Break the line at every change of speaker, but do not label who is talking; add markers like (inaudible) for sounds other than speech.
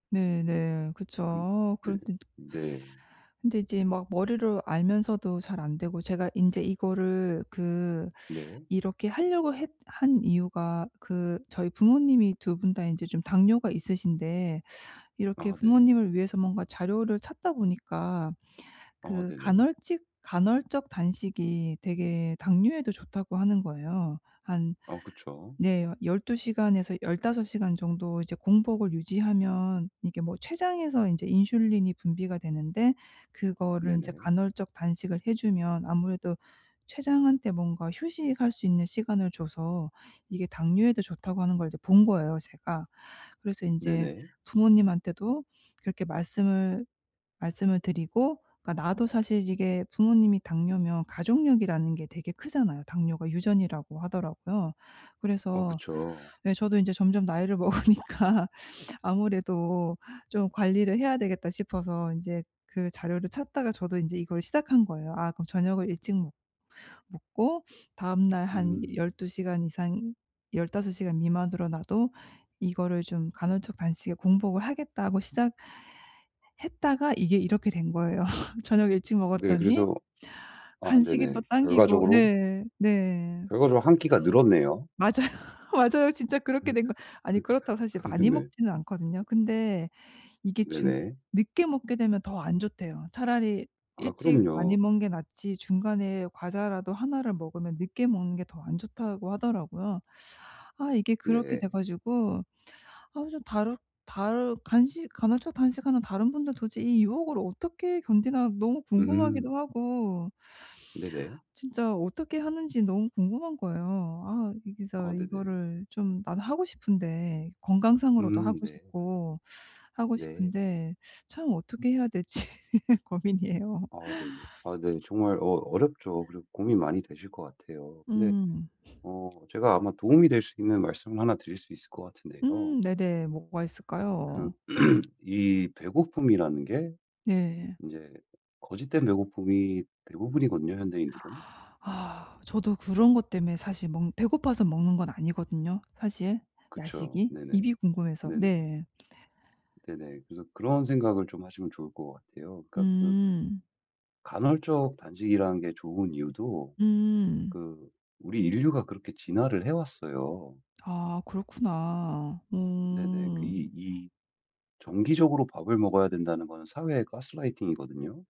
네, 네. 그쵸
근
어
네.
그런데
네.
근데 이제 막 머리로 알면서도 잘 안 되고. 제가 인제 이거를 그
네.
이렇게 하려고 했 한 이유가 그 저희 부모님이 2 분 다 인제 좀 당뇨가 있으신데 이렇게
아 네.
부모님을 위해서 뭔가 자료를 찾다 보니까
아
그
네네.
간헐직 간헐적 단식이 되게 당뇨에도 좋다고 하는 거예요. 한
어 그쵸.
네 12 시간에서 15 시간 정도 이제 공복을 유지하면 이게 뭐 췌장에서 인제 인슐린이 분비가 되는데 그거를 인제
네네.
간헐적 단식을 해 주면 아무래도 췌장한테 뭔가 휴식할 수 있는 시간을 줘서 이게 당뇨에도 좋다고 하는 걸 이제 본 거예요 제가. 그래서 인제
네네.
부모님한테도 그렇게 말씀을 말씀을 드리고 그러니까 나도 사실 이게 부모님이 당뇨면 가족력이라는 게 되게 크잖아요. 당뇨가 유전이라고 하더라고요.
어
그래서
그쵸.
예 저도 인제 점점 나이를 먹으니까 '아무래도 좀 관리를 해야 되겠다.' 싶어서 인제 그 자료를 찾다가 저도 인제 이걸 시작한 거예요. 아 그럼 저녁을 일찍 먹 먹고 (sniffs) 다음날 한
음.
12 시간 이상 15 시간 미만으로 나도 이거를 좀 '간헐적 단식에 공복을 하겠다.'고 시작했다가 이게 이렇게 된 거예요. (laughs) 저녁 일찍
네,
먹었더니
그래서 아
간식이
네네.
또 당기고
결과적으로
네. 네.
결과적으로 1 끼가 늘었네요.
맞아요. 맞아요. 진짜 그렇게 된 거 아니 그렇다고 사실
(laughs)
많이
네.
먹지는 않거든요. 근데 이게 중
네네.
늦게 먹게 되면 더 안 좋대요. 차라리
아
일찍 많이
그럼요.
먹는 게 낫지 중간에 과자라도 1 를 먹으면 늦게 먹는 게 더 안 좋다고 하더라고요. 아 이게 그렇게 돼
네.
가지고 아 그래서 다르 다르 간식 간헐적 단식하는 다른 분들 도저히 이 유혹을 어떻게 견디나 너무
음.
궁금하기도 하고.
네네.
진짜 어떻게 하는지 너무 궁금한 거예요. 아 진짜
아 네네.
이거를 좀 나도 하고 싶은데 건강상으로도
음
하고
네.
싶고, 하고
네.
싶은데. 참 어떻게 해야 될지 고민이에요.
아 네네. 아 네. 정말 어 어렵죠. 그리고 고민이 많이 되실 것 같아요. 근데
음.
어 제가 아마 도움이 될 수 있는 말씀을 1 드릴 수 있을 것 같은데요.
음 네네. 뭐가
그
있을까요?
(clears throat) 이 배고픔이라는 게,
네.
인제 거짓된 배고픔이 대부분이거든요 현대인들은.
(gasps) 저도 그런 것 때문에 사실 먹는 배고파서 먹는 건 아니거든요 사실
그쵸.
야식이.
네네.
입이 궁금해서
네네.
네.
네네. 그래서 그런 생각을 좀 하시면 좋을 것 같아요. 그러니까 그
음.
간헐적 단식이라는 게 좋은 이유도
음.
그 우리 인류가 그렇게 진화를 해 왔어요.
아 그렇구나.
네네. 그
음.
이 이 정기적으로 밥을 먹어야 된다는 것은 사회의 가스라이팅이거든요.